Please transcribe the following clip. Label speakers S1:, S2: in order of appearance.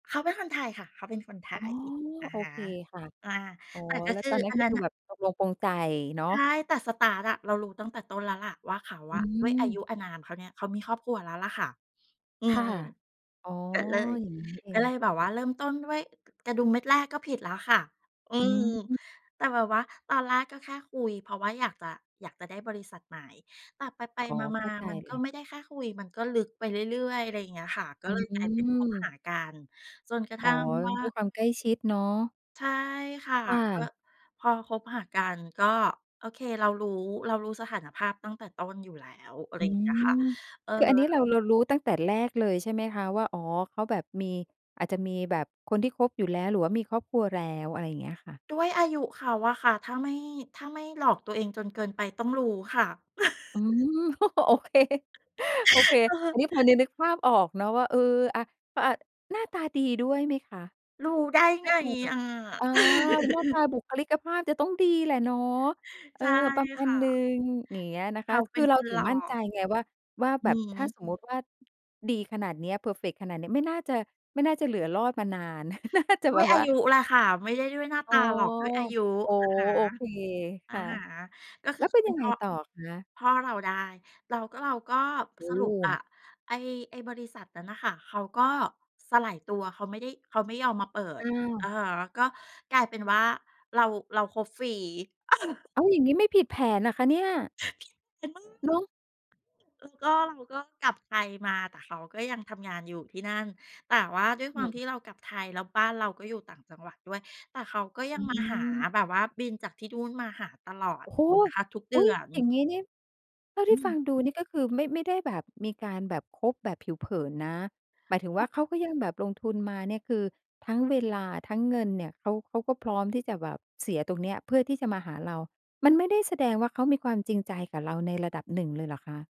S1: เขาเป็นคนไทยค่ะ เขาเป็นคนไท
S2: อ๋อ
S1: ย อะ
S2: โอ
S1: ฮะ
S2: เคค่ะ
S1: อ่า
S2: อ๋อ
S1: แต่ก็
S2: แล้ว
S1: คื
S2: ตอ
S1: อ
S2: นนั้
S1: อั
S2: น
S1: น
S2: ก็
S1: นั้
S2: ค
S1: น
S2: ือ
S1: น่ะ
S2: แบบตกลงปลงใจเนาะ
S1: ใช่ แต่ สตาร์ต อะ เรารู้ตั้งแต่ต้นแล้วล่ะว่าเขา
S2: อ
S1: อ
S2: ื
S1: ะ ด้วยอายุ
S2: ม
S1: อานานเขาเนี่ย เขามีครอบครัวแล้วล่ะค่ะ อื
S2: ค่ะ
S1: ม
S2: อ๋อ
S1: ก็เลย
S2: อย่างนี้นี่เอ
S1: ก็เล
S2: ง
S1: ยแบบว่าเริ่มต้นด้วยกระดุมเม็ดแรกก็ผิดแล้วค่ะ อื
S2: อื
S1: ม
S2: ม
S1: แต่แบบว่าตอนแรกก็แค่คุย เพราะว่าอยากจะ อยากจะได้บริษัทใหม่ แต่ไป
S2: อ๋อ
S1: ๆ ม
S2: เข
S1: า
S2: ้าใจ
S1: ๆ มัน
S2: เล
S1: ก็
S2: ย
S1: ไม่ได้แค่คุย มันก็ลึกไปเรื่อย ๆ อะไรอย่างเงี้ยค่ะ ก
S2: อ
S1: ็เลยกลายเป็นคบ
S2: ื
S1: ห
S2: ม
S1: ากัน จนกระท
S2: อ๋อ
S1: ั่งว่า
S2: ด้วยความใกล้ชิดเนาะ
S1: ใช่ค่ะ
S2: ค่
S1: ก
S2: ะ
S1: ็พอคบหากัน ก็ โอเค เรารู้ เรารู้สถานภาพตั้งแต่ต้นอยู่แล้ว อะไร
S2: อื
S1: อย่างเงี้ยค่ะ
S2: ม
S1: อือ
S2: คือ
S1: ฮ
S2: อ
S1: ึ
S2: ันนี้เรา เรารู้ตั้งแต่แรกเลยใช่ไหมคะว่า อ๋อ เขาแบบมี อาจจะมีแบบคนที่คบอยู่แล้ว หรือว่ามีครอบครัวแล้ว? อะไรอย่างเงี้ยค่ะ
S1: ด้วยอายุเขาอะค่ะ ถ้าไม่ ถ้าไม่หลอกตัวเองจนเกินไปต้องรู้ค่ะ
S2: อืม โอเค โอเค
S1: เ
S2: อั
S1: ออ
S2: นนี้พอจะนึกภาพออกเนอะว่า เออ อะ ก็อะ หน้าตาดีด้วยไหมคะ?
S1: รู้ได้
S2: หน้
S1: ไ
S2: า
S1: ง
S2: ตาแบบ
S1: อะ?
S2: อา หน้าตาบุคลิกภาพจะต้องดีแหละเนาะ เอ
S1: ใช
S2: อ
S1: ่
S2: ประมา
S1: ค
S2: ณ
S1: ่
S2: หนึ่
S1: ะ
S2: ง อย่างเงี้ยนะ
S1: เ
S2: ค
S1: ข
S2: ะ
S1: าเป
S2: ค
S1: ็
S2: ือ
S1: น
S2: เร
S1: ค
S2: า
S1: น
S2: ถึ
S1: ห
S2: ง
S1: ล่อ
S2: มั่นใจไงว่า ว่า
S1: อ
S2: แ
S1: ื
S2: บบ
S1: อฮ
S2: ถ้า
S1: ึ
S2: สมมุติว่า ดีขนาดเนี้ย เพอร์เฟกต์ขนาดเนี้ย ไม่น่าจะ ไม่น่าจะเหลือรอดมานาน น่าจะ
S1: ด้
S2: แบ
S1: วย
S2: บ
S1: อ
S2: ว
S1: า
S2: ่า
S1: ยุแหละค่ะ ไม่ได้ด้วยหน้า
S2: อ
S1: ต
S2: ๋อ
S1: าหรอก ด้วยอายุ
S2: โอ้
S1: นะค
S2: โฮ โอเค
S1: ะ อ
S2: ค
S1: ะ
S2: ่ะ
S1: ฮะ ก็ค
S2: แล
S1: ื
S2: ้
S1: อ
S2: ว
S1: เ
S2: เ
S1: ข
S2: ป็
S1: า
S2: น
S1: เป
S2: ย
S1: ็
S2: ั
S1: น
S2: ง
S1: พ
S2: ไง
S1: ่อ
S2: ต่อคะ?
S1: พ่อเราได้ เราก็ เราก็
S2: โอ
S1: ส
S2: ้
S1: ร
S2: โ
S1: ุปอะ
S2: ฮ
S1: ไอ้ ไอ้บริษัทนั้นน่ะค่ะ เขาก็สลายตัว เขาไม่ได้ เขาไม่ยอมมาเปิ
S2: อ้
S1: ด
S2: าว
S1: อะฮะ ก็กลายเป็นว่า เรา เราคบฟรี เออ
S2: อ้าว อย่างงี้ไม่ผิดแผนเหรอคะเนี่ย?
S1: [unintelligible]
S2: เนาะ
S1: ซึ่งก็ เราก็กลับไทยมา แต่เขาก็ยังทำงานอยู่ที่นั่น แต่ว่าด้วย
S2: อ
S1: ความท
S2: ืม
S1: ี่เรากลับไทย แล้วบ้านเราก็อยู่ต่างจังหวัดด้วย แต่เขาก็ย
S2: อ
S1: ังมาหา
S2: ืม
S1: แบบว่าบินจากที่นู่นมาหาตลอ
S2: โ
S1: ด
S2: อ้โฮ
S1: [unintelligible] คะ ทุกเด
S2: อ
S1: ื
S2: ุ๊ย!
S1: อน
S2: อย่างงี้นี่ เท่า
S1: อ
S2: ท
S1: ื
S2: ี่ฟ
S1: ม
S2: ังดูนี่ ก็คือไม่ ไม่ได้แบบมีการแบบคบแบบผิวเผินนะ หมายถึง
S1: เ
S2: ว
S1: ข
S2: ่
S1: า
S2: าเขาก็ยังแบบลงทุนมาเนี่ย คือทั้งเวลา ทั้งเงินเนี่ย เขา เขาก็พร้อมที่จะแบบเสียตรงเนี้ย เพื่อที่จะมาหาเรา มันไม่ได้แสดงว่า เขามีความจริงใจกับเราในระดับหนึ่งเลยเหรอคะ?